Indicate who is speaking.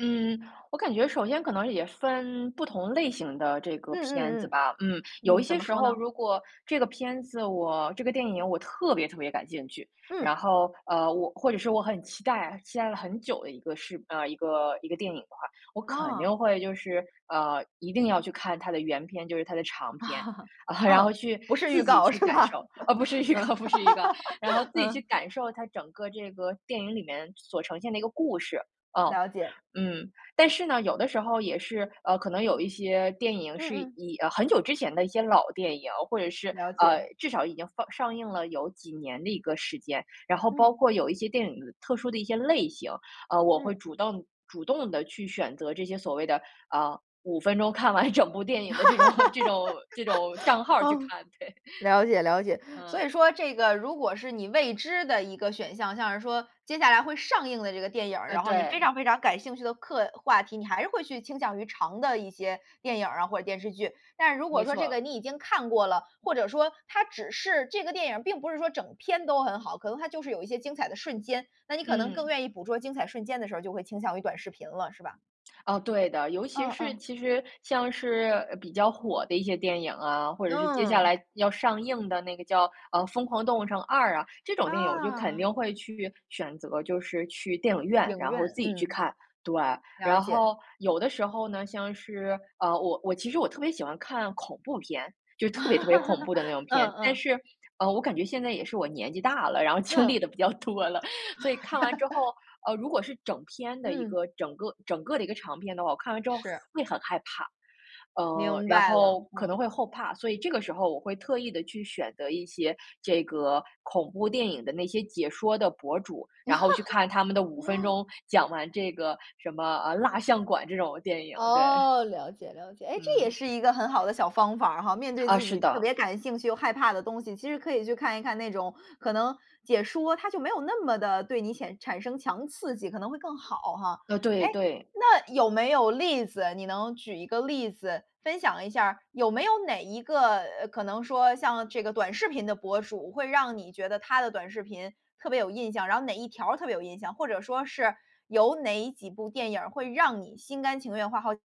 Speaker 1: 嗯，我感觉首先可能也分不同类型的这
Speaker 2: 嗯
Speaker 1: 个片子
Speaker 2: 嗯
Speaker 1: 吧，嗯。
Speaker 2: 嗯，
Speaker 1: 有一
Speaker 2: 嗯，怎
Speaker 1: 些
Speaker 2: 么
Speaker 1: 时
Speaker 2: 说
Speaker 1: 候
Speaker 2: 呢？
Speaker 1: 如果这个片子我这个电影我特别特别感兴趣，然
Speaker 2: 嗯。
Speaker 1: 后，呃，我或者是我很期待，期待了很久的一个事呃，一个一个电影的话。我肯定
Speaker 2: 哦。
Speaker 1: 会就是，呃，一定要去看它的原篇，就是它的长篇，然
Speaker 2: 嗯，
Speaker 1: 后去
Speaker 2: 不是预
Speaker 1: 自己
Speaker 2: 告，
Speaker 1: 去
Speaker 2: 是
Speaker 1: 感
Speaker 2: 吧？
Speaker 1: 受，
Speaker 2: 嗯。
Speaker 1: 呃，不是一个不是一个，然后自 己去
Speaker 2: 嗯。
Speaker 1: 感受它整个这个电影里面所呈现的一个故事，呃，
Speaker 2: 了解。
Speaker 1: 嗯。但是呢，有的时候也是，呃，可能有一些电影
Speaker 2: 嗯
Speaker 1: 是
Speaker 2: 嗯。
Speaker 1: 以，呃，很久之前的一些老电影，或者是，
Speaker 2: 了
Speaker 1: 呃，
Speaker 2: 解。
Speaker 1: 至少已经上上映了有几年的一个时间，然后
Speaker 2: 嗯。
Speaker 1: 包括有一些电影特殊的一些类型，呃，我会
Speaker 2: 嗯。
Speaker 1: 主动主动地去选择这些所谓的，呃，5分钟看完整部电影的这种这种这种账 号去
Speaker 2: 哦。
Speaker 1: 看，对。
Speaker 2: 了解了解，所
Speaker 1: 嗯。
Speaker 2: 以说这个如果是你未知的一个选项，像是说接下来会上映的这个电影儿，
Speaker 1: 呃，
Speaker 2: 然后你非
Speaker 1: 对。
Speaker 2: 常非常感兴趣的课话题，你还是会去倾向于长的一些电影儿啊或，者电视剧。但是如
Speaker 1: 没
Speaker 2: 果说
Speaker 1: 错
Speaker 2: 这个
Speaker 1: 儿。
Speaker 2: 你已经看过了，或者说，它只是这个电影儿并不是说整篇都很好，可能它就是有一些精彩的瞬间，那你可能更
Speaker 1: 嗯。
Speaker 2: 愿意捕捉精彩瞬间的时候就会倾向于短视频了，是吧？
Speaker 1: 哦，对的。尤其
Speaker 2: 哦
Speaker 1: 是
Speaker 2: 哦。
Speaker 1: 其实像是比较火的一些电影啊，或者是接下
Speaker 2: 嗯。
Speaker 1: 来要上映的那个叫呃，《疯狂动物城2》啊，这种电影我就肯
Speaker 2: 啊。
Speaker 1: 定会去选择，就是去电影院，
Speaker 2: 影
Speaker 1: 然
Speaker 2: 院，
Speaker 1: 后自己去
Speaker 2: 嗯。
Speaker 1: 看，对。
Speaker 2: 了
Speaker 1: 然
Speaker 2: 解。
Speaker 1: 后有的时候呢，像是呃，我我其实我特别喜欢看恐怖片，就特别特别恐怖的那种 片。
Speaker 2: 嗯
Speaker 1: 但
Speaker 2: 嗯。
Speaker 1: 是，呃，我感觉现在也是我年纪大了，然后经历
Speaker 2: 嗯。
Speaker 1: 得比较多了，所以看完之 后，呃，如果是整篇的一
Speaker 2: 嗯。
Speaker 1: 个整个整个的一个长篇的话，我看完之后
Speaker 2: 是。
Speaker 1: 会很害怕。呃，
Speaker 2: 明
Speaker 1: 然
Speaker 2: 白了，
Speaker 1: 后可能
Speaker 2: 嗯。
Speaker 1: 会后怕，所以这个时候我会特意地去选择一些这个恐怖电影的那些解说的博主，然后去看他们的5分 钟，讲完这个什么，呃，《蜡像馆》这种电影，对。
Speaker 2: 哦，了解了解。哎，这也
Speaker 1: 嗯。
Speaker 2: 是一个很好的小方法哈，面对
Speaker 1: 啊，
Speaker 2: 自
Speaker 1: 是
Speaker 2: 己特
Speaker 1: 的。
Speaker 2: 别感兴趣又害怕的东西其实可以去看一看那种，可能解说它就没有那么得对你显产生强刺激可能会更好哈。
Speaker 1: 呃，
Speaker 2: 诶，
Speaker 1: 对对。
Speaker 2: 那有没有例子，你能举一个例子，分享一下，有没有哪一个，呃，可能说像这个短视频的博主，会让你觉得他的短视频特别有印象，然后哪一条特别有印象，或者说是，有哪几部电影会让你心甘情愿花好几